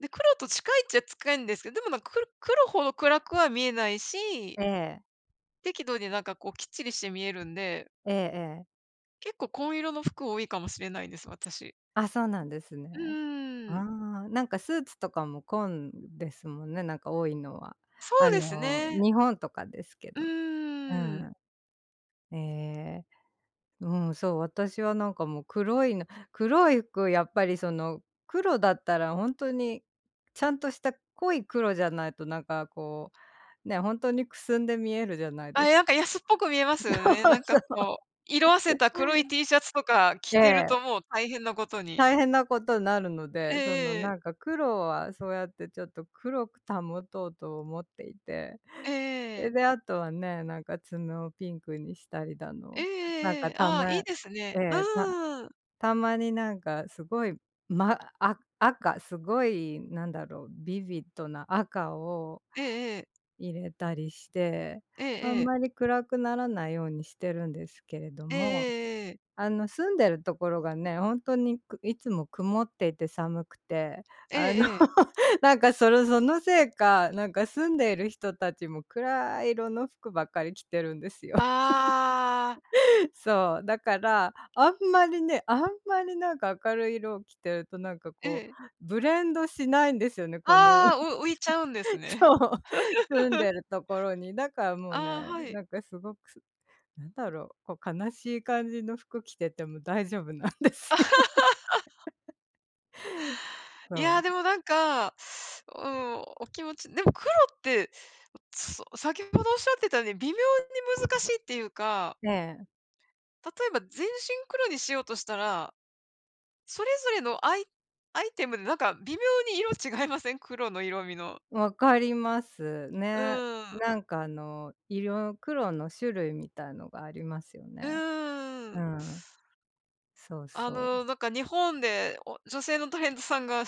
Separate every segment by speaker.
Speaker 1: で、黒と近いっちゃ近いんですけ、でもなんか、く黒ほど暗くは見えないし
Speaker 2: ええ。
Speaker 1: 適度になんかこう、きっちりして見えるんで。
Speaker 2: ええええ。
Speaker 1: 結構紺色の服多いかもしれないです、私。
Speaker 2: あ、そうなんです
Speaker 1: う
Speaker 2: ね。あ
Speaker 1: ーん。
Speaker 2: あ、なんかスーツとかも紺ですもんね、なんか多いのは。
Speaker 1: そ
Speaker 2: あ
Speaker 1: うです
Speaker 2: の、
Speaker 1: ね。
Speaker 2: 日本とかですけ
Speaker 1: う
Speaker 2: ど。う
Speaker 1: ーん。
Speaker 2: ん。ええ。うん、そう、私はなんか、もう黒いの、黒い服やっぱり、その、黒だったらほんとに、ちゃんとした濃い黒じゃないとなんかこう、ね、ほんとにくすんで見えるじゃない
Speaker 1: ああ、
Speaker 2: です
Speaker 1: やんか
Speaker 2: か。
Speaker 1: 安っぽく見えますよね、
Speaker 2: そう
Speaker 1: なんか
Speaker 2: そう。
Speaker 1: こう、色褪せ た黒い T シャツとか着
Speaker 2: え
Speaker 1: てる
Speaker 2: え。
Speaker 1: と、もう大変なことに。
Speaker 2: 大変なことなるの
Speaker 1: え
Speaker 2: で、その、
Speaker 1: えええ。
Speaker 2: なんか黒はそうやってちょっと黒く保とうと思っていて。そ
Speaker 1: え
Speaker 2: れ
Speaker 1: え。
Speaker 2: であとはね、なんか爪をピンクにしたりだ
Speaker 1: ええ
Speaker 2: の、なん
Speaker 1: えええ
Speaker 2: か、
Speaker 1: え、
Speaker 2: た
Speaker 1: ああ、
Speaker 2: ま
Speaker 1: いいですね。
Speaker 2: え
Speaker 1: う
Speaker 2: え、た
Speaker 1: ーん。
Speaker 2: たまになんかすごい、ま、あ赤、すごいなんだろうビビッドな赤を
Speaker 1: ええええ。
Speaker 2: 入れたりして、
Speaker 1: ええ
Speaker 2: あん
Speaker 1: ええ。
Speaker 2: まり暗くならないようにしてるんですけれど
Speaker 1: ええ
Speaker 2: も。
Speaker 1: ええええ。
Speaker 2: あの、住んでるところがね、ほんとにくいつも曇っていて寒くて、
Speaker 1: え
Speaker 2: あの、
Speaker 1: えええ。
Speaker 2: なんか、そのそのせいか、なんか住んでいる人たちも暗い色の服ばっかり着てるんですよ。
Speaker 1: ああ。
Speaker 2: そう、だから、あんまりね、あんまりなんか明るい色を着てると、なんか
Speaker 1: え
Speaker 2: こう、
Speaker 1: え。
Speaker 2: ブレンドしないんですよね、この。
Speaker 1: ああ、う浮いちゃうんですね。
Speaker 2: そう、住ん でるところに、だからもうね、
Speaker 1: ああ、はい。
Speaker 2: なんかすごく、なんだろう、こう悲しい感じの服着てても大丈夫なんですよ。
Speaker 1: いや、
Speaker 2: そ
Speaker 1: で
Speaker 2: う。
Speaker 1: もなんか、うん、お気持ちでも黒って。うつそう、先ほどおっしゃってたように微妙に難しいっていうか。
Speaker 2: ええ。
Speaker 1: 例えば全身黒にしようとしたら。それぞれのアイアイテムでなんか微妙に色違いません？黒の色味の。
Speaker 2: 分ります
Speaker 1: う
Speaker 2: ね。
Speaker 1: ーん。
Speaker 2: なんか、あの、色、黒の種類みたいのがありますよ
Speaker 1: う
Speaker 2: ね。
Speaker 1: ー
Speaker 2: う
Speaker 1: ん。
Speaker 2: ん。そう
Speaker 1: あ
Speaker 2: そう。
Speaker 1: の、なんか日本でお、女性のタレントさんが、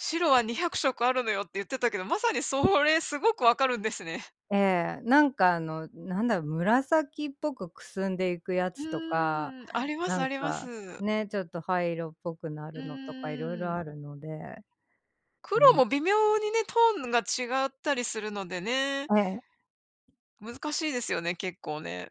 Speaker 1: 「白は200色あるのよ」って言ってたけど、まさにそれすごく分かるんですね。
Speaker 2: ええ、なんか、あの、なんだ、紫っぽくくすんでいくや
Speaker 1: う
Speaker 2: つとか、
Speaker 1: ーん、あります
Speaker 2: な
Speaker 1: あ
Speaker 2: ん
Speaker 1: りま
Speaker 2: か、
Speaker 1: す。
Speaker 2: ね、ちょっと灰色っぽくな
Speaker 1: う
Speaker 2: るのとか色
Speaker 1: ー
Speaker 2: 々
Speaker 1: ん。
Speaker 2: あるので。
Speaker 1: 黒
Speaker 2: うん。
Speaker 1: も微妙にね、トーンが違ったりするのでね。
Speaker 2: ええ。
Speaker 1: 難しいですよね、結構ね。